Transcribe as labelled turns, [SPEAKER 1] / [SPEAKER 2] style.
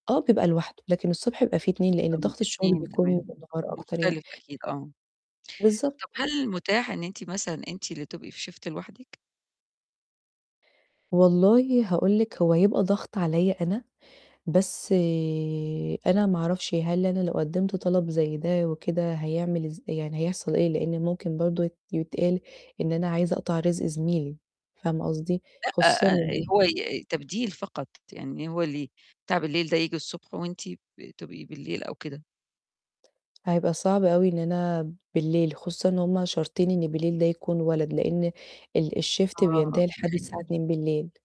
[SPEAKER 1] آه، بيبقى لوحده، لكن الصبح بيبقى في 2 لأن
[SPEAKER 2] طب ما
[SPEAKER 1] ضغط الشغل
[SPEAKER 2] 2
[SPEAKER 1] بيكون
[SPEAKER 2] تمام.
[SPEAKER 1] بالنهار أكتر يعني.
[SPEAKER 2] مختلف أكيد آه.
[SPEAKER 1] بالضبط،
[SPEAKER 2] طب
[SPEAKER 1] ف
[SPEAKER 2] هل متاح إن أنتِ مثلًا، أنتِ اللي تبقي في Shift لوحدِك؟
[SPEAKER 1] والله هاقول لِك، هو يبقى ضغط عليّا أنا. بس أنا ما أعرفش هل أنا لو قدّمت طلب زَي ده وكده، هيعمل إز يعني هيحصل إيه؟ لإن ممكن برضه يت يتقال إن أنا عايزة أقطع رزق زميلي، فاهمة قصدي؟
[SPEAKER 2] لأ،
[SPEAKER 1] خصوصًا
[SPEAKER 2] آآ هو ي تبديل فقط، يعني هو اللي تِعب الليل ده، ييجي الصبح، وأنتِ ب تبقي بالليل أو كده.
[SPEAKER 1] هيبقى صعب أوي إن أنا بالليل، خصوصًا إن هُم شارطين إن بالليل ده يكون ولد، لأن ال الShift
[SPEAKER 2] آه،
[SPEAKER 1] بينتهي لحد
[SPEAKER 2] صحي
[SPEAKER 1] 02:00